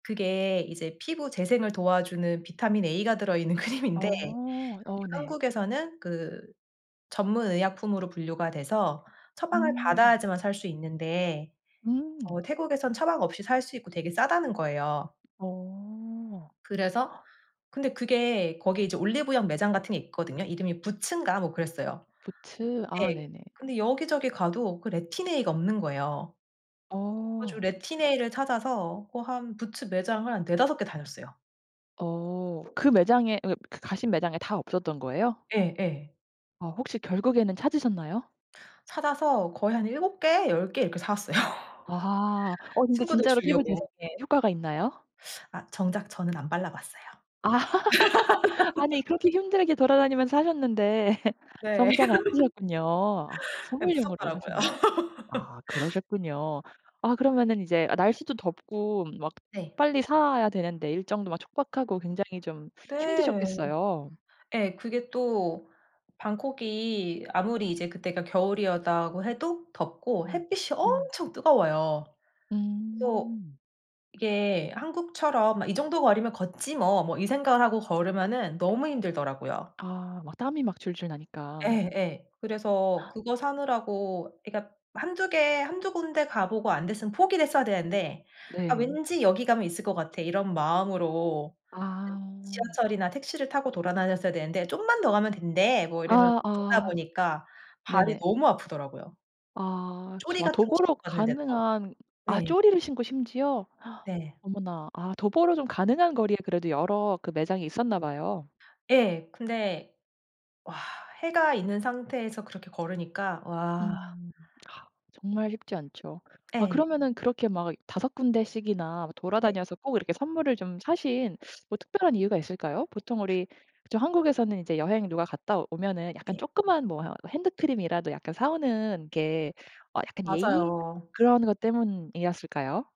그게 이제 피부 재생을 도와주는 비타민 A가 들어있는 크림인데 이게 어. 어 네. 한국에서는 그 전문의약품으로 분류가 돼서 처방을 음. 받아야지만 살 수 있는데 음. 어 태국에서는 처방 없이 살 수 있고 되게 싸다는 거예요. 어. 그래서 근데 그게 거기 이제 올리브영 매장 같은 게 있거든요. 이름이 부츠인가 뭐 그랬어요. 부츠. 아 네. 네네. 근데 여기저기 가도 그 레틴A가 없는 거예요. 그래 가지고 어. 레틴A를 찾아서 어 한 부츠 매장을 한 4-5 개 다녔어요. 어 그 매장에 어 그 가 가신 매장에 다 없었던 거예요? 예예. 어 혹시 결국에는 찾으셨나요? 찾아서 거의 한 7 개 10 개 이렇게 사왔어요. 아하. 어 근데 친구들 진짜로 피부 줄려고. 재생에 효과가 있나요? 아 정작 저는 안 발라봤어요. 아 아니 그렇게 힘들게 돌아다니면서 사셨는데 네. 정작 안 쓰셨군요. 아 아 선물용으로 무섭더라고요. 사시는 아 그러셨군요. 아 그러면은 이제 아 날씨도 덥고 막 네. 빨리 사야 되는데 일정도 막 촉박하고 굉장히 좀 네. 힘드셨겠어요. 예 그게 또 방콕이 아무리 이제 그때가 겨울이었다고 해도 덥고 음 햇빛이 음. 엄청 뜨거워요. 그래서 음. 이게 한국처럼 '아 이 정도 거리면 걷지 뭐.' 뭐 이 생각을 하고 걸으면은 너무 힘들더라고요. 아 막 땀이 막 줄줄 나니까. 예. 그래서 그거 사느라고 그러니까 1-2 개 1-2 군데 가보고 안 됐으면 포기를 했어야 되는데 '아 네. 왠지 여기 가면 있을 것 같아.' 이런 마음으로 예 아. 지하철이나 택시를 타고 돌아다녔어야 되는데 '좀만 더 가면 된대.' 뭐 이러면서 아 걷다 아. 보니까 발이 네네. 너무 아프더라고요. 아 조리 저 아 같은 거 도보로 신고 갔는데도 가능한 아 네. 조리를 신고 심지어? 네. 어머나. 아 도보로 좀 가능한 거리에 그래도 여러 그 매장이 있었나 봐요. 예. 근데 와 해가 있는 상태에서 그렇게 걸으니까 와 음. 아 정말 쉽지 않죠. 아 예. 그러면은 그렇게 막 5 군데씩이나 네. 돌아다녀서 꼭 이렇게 선물을 좀 사신 뭐 특별한 이유가 있을까요? 보통 우리 그쵸 한국에서는 이제 여행 누가 갔다 오면은 약간 네. 쪼끄만 뭐 핸드크림이라도 약간 사 오는 게 어 약간 예의 맞아요. 그런 것 때문이었을까요?